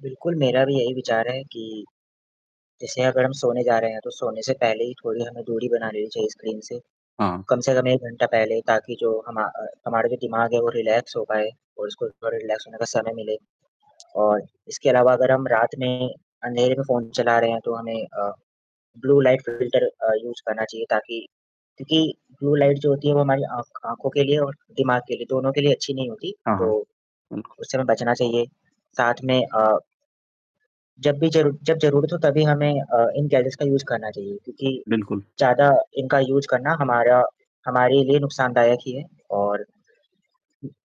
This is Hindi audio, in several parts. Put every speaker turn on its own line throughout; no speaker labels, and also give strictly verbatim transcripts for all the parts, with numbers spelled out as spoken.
बिल्कुल, मेरा भी यही विचार है कि जैसे अगर हम सोने जा रहे हैं तो सोने से पहले ही थोड़ी हमें दूरी बना ली चाहिए स्क्रीन से।
हाँ।
कम से कम एक घंटा पहले ताकि जो हमा अ, हमारे भी दिमाग है वो रिलैक्स हो जाए और उसको थोड़ा रिलैक्स होने का समय मिले और इसके अलावा अगर हम रात में अंधेरे में फ़ोन चला रहे हैं, तो हमें अ, ब्लू लाइट फ़िल्टर अ, यूज़ करना चाहिए ताकि क्योंकि ब्लू लाइट जो होती है वो हमारी आँख आँखों के लिए और दिमाग के लिए दोनों के लिए अच्छी नहीं होती।
हाँ,
तो
हाँ। बिल्कु
उससे हमें बचना चाहिए। साथ में अ जब भी ज़रू जब ज़रूरत हो तभी हमें अ, इन गैजेट्स का यूज़ करना चाहिए क्योंकि
बिल्कुल।
ज़्यादा इनका यूज़ करना हमारा हमारे लिए नुकसानदायक ही है और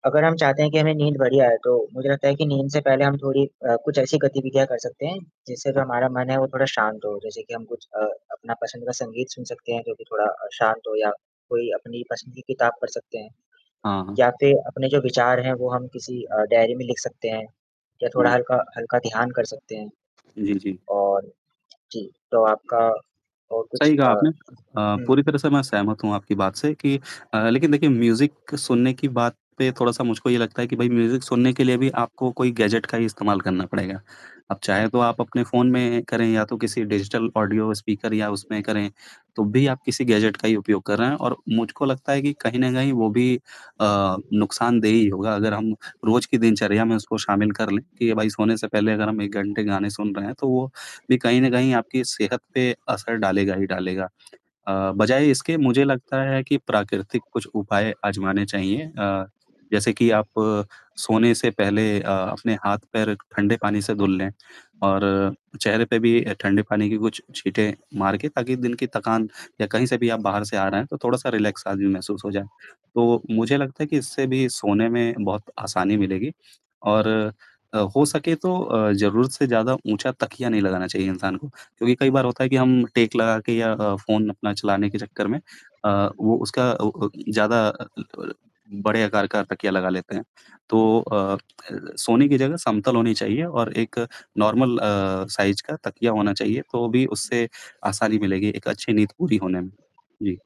अगर हम चाहते हैं कि हमें नींद बढ़िया आए तो मुझे लगता है कि नींद से पहले हम थोड़ी अ, कुछ ऐसी गतिविधियाँ कर सकते हैं जिससे तो हमारा मन है वो थोड़ा शांत हो। जैसे कि हम कुछ अ, अपना पसंद का संगीत सुन सकते हैं जो कि थोड़ा अ, शांत हो या कोई अपनी पसंदीदा किताब पढ़ सकते हैं।
हाँ, हाँ।
या फिर अपने जो विचार हैं वो हम किसी अ, डायरी में लिख सकते हैं। या थोड़ा
जी।
हल्का-हल्का ध्यान कर सकते हैं
जी, जी।
और जी। तो आपका और कुछ
सही कहा
अ,
आपने। अ, पूरी
हुँ।
तरह से मैं सहमत हूँ आपकी बात से कि अ, लेकिन देखिए म्यूज़िक सुनने की बात पे थोड़ा-सा मुझको ये लगता है कि भई म्यूज़िक सुनने के लिए भी आपको कोई गैजेट का ही इस्तेमाल करना पड़ेगा। अब चाहे तो आप अपने फ़ोन में करें या तो किसी डिजिटल ऑडियो स्पीकर या उसमें करें तो भी आप किसी गैजेट का ही उपयोग कर रहे हैं और मुझको लगता है कि कहीं न कहीं वो भी अ, नुकसानदेह ही होगा अगर हम रोज़ के दिनचर्या में उसको शामिल कर लें कि भाई सोने से पहले अगर एक घंटे गाने सुन रहे हैं तो वो भी कहीं न कहीं आपकी सेहत पे असर डालेगा ही डालेगा। अ, बजाए इसके मुझे लगता है कि प्राकृतिक कुछ उपाय आज़माने चाहिए अ, जैसे कि आप सोने से पहले अ, अपने हाथ-पैर ठंडे पानी से धुल लें और चेहरे पे भी अ, ठंडे पानी के कुछ छींटे मार के ताकि दिन की थकान या कहीं से भी आप बाहर से आ रहे हैं, तो थोड़ा-सा रिलैक्स भी महसूस हो जाए। तो मुझे लगता है कि इससे भी सोने में बहुत आसानी मिलेगी और अ, हो सके तो अ, ज़रूरत से ज़्यादा ऊँचा तकिया नहीं लगाना चाहिए इंसान को, क्योंकि कई बार होता है कि हम टेक लगा के या अ, फ़ोन अपना चलाने के चक्कर में अ, वो उसका अ अ, ज़्यादा [unintelligible] बड़े आकार का तकिया लगा लेते हैं। तो अ अ, सोने की जगह समतल होनी चाहिए और एक नॉर्मल अ, साइज़ का तकिया होना चाहिए तो भी उससे आसानी मिलेगी एक अच्छी नींद पूरी होने में। जी।